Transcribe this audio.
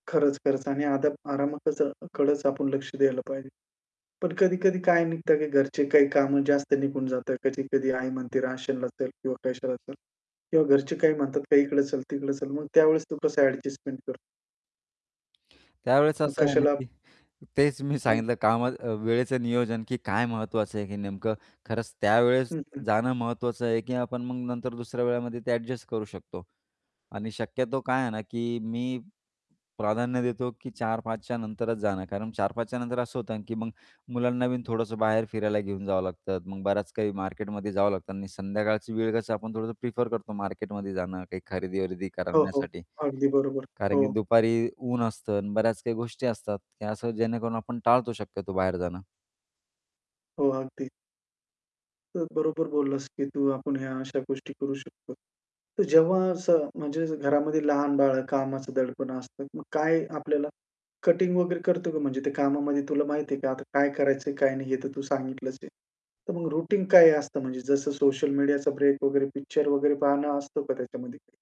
खरंच, खरंच आणि आरामातच कडचं आपण लक्ष द्यायला पाहिजे. पण कधी-कधी काय निघतं की घरचे काही कामं जास्त निघून जातात. कधी-कधी आई म्हणते, "राशनला चल," किंवा कशाला चल किंवा घरचे काही म्हणतात, "इकडे चल, तिकडे चल." मग त्यावेळेस तू कसं ॲडजस्टमेंट कर त्यावेळेस मग असं आहे ना, कशाला की तेच मी हं. सांगितलं काम वेळेचं नियोजन की काय महत्त्वाचं आहे की नेमकं खरंच त्यावेळेस हं, हं. जाणं महत्त्वाचं आहे की आपण मग नंतर दुसऱ्या वेळामध्ये ते ॲडजस्ट करू शकतो. आणि शक्यतो काय आहे ना, की मी प्राधान्य देतो की 4:00-5:00 च्या नंतरच जाणं. कारण 4:00-5:00 च्या नंतर असं होतं ना, की मग मुलांना बीन थोडंसं बाहेर फिरायला घेऊन जावं लागतं. मग बरंच काही मार्केटमध्ये जावं लागतं आणि संध्याकाळची वेळ कसं आपण थोडंसं प्रिफर करतो मार्केटमध्ये जाणं, काही खरेदी-वरेदी हो, हो. करण्यासाठी. अगदी बरोबर. कारण की हो. दुपारी ऊन असतं आणि बऱ्याच काही गोष्टी असतात की असं जेणेकरून आपण टाळतो शक्यतो बाहेर जाणं. हो. अगदी. तर बरोबर बोललास की तू आपण ह्या अशा गोष्टी करू शकतो. तर जेव्हा असं म्हणजे घरामध्ये लहान बाळ, कामाचा दडपण असतं. मग काय आपल्याला कटिंग वगैरे करतो का म्हणजे ते कामामध्ये तुला माहिती आहे का? आता काय करायचंय, काय नाही हे तर तू सांगितलंच आहे. तर मग रूटीन काय असतं म्हणजे जसं सोशल मीडियाचा ब्रेक वगैरे, पिक्चर वगैरे पाहणं असतं का त्याच्यामध्ये?